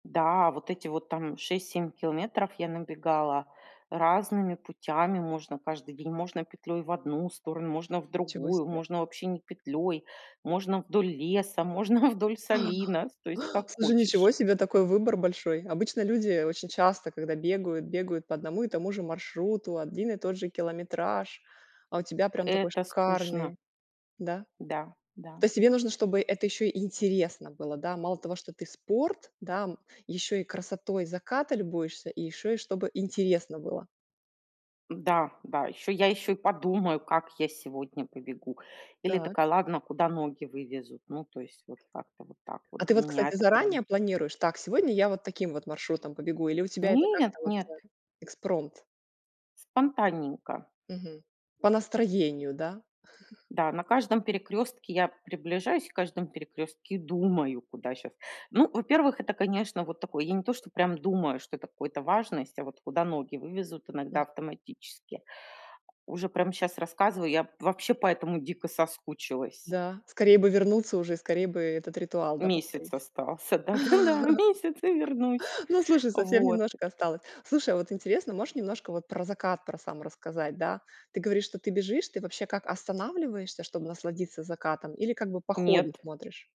Да, вот эти вот там 6-7 километров я набегала разными путями. Можно каждый день, можно петлей в одну сторону, можно в Ничего другую, себе. можно вообще не петлей, можно вдоль леса, можно вдоль А. солина, с то есть как Слушай. хочешь. Ничего себе такой выбор большой. Обычно люди очень часто, когда бегают, бегают по одному и тому же маршруту, один и тот же километраж, а у тебя прям такой Это скучно. шикарный. Да? Да да. То есть, тебе нужно, чтобы это ещё интересно было, да? Мало того, что ты спорт, да, м, еще и красотой заката любуешься, и ещё и чтобы интересно было. Да да, ещё я ещё и подумаю, как я сегодня побегу. Или Так. такая: "Ладно, куда ноги вывезут?" Ну, то есть, вот как-то вот так вот. А ты Для вот, меня кстати, это прям заранее планируешь: "Так, сегодня я вот таким вот маршрутом побегу", или у тебя это Нет как-то вот, нет. э экспромт? Спонтанненько. Мгм. По настроению, да? Да на каждом перекрестке я приближаюсь каждом перекрестке и думаю: "Куда щас?" Ну, во-первых, это, конечно, вот такое, я не то, что прям думаю, что это какой-то важность, а вот куда ноги вывезут иногда автоматически. Уже прям щас рассказываю, я вообще по этому дико соскучилась. Да, скорее бы вернуться уже, и скорее бы этот ритуал, да, Месяц повторить. остался, да-да-да, месяц и вернусь. Ну, слушай, совсем Вот. немножко осталось. Слушай, а вот интересно, можешь немножко про закат про сам рассказать, да? Ты говоришь, что ты бежишь, ты вообще как останавливаешься, чтоб насладиться закатом? Или как бы по ходу Нет. смотришь?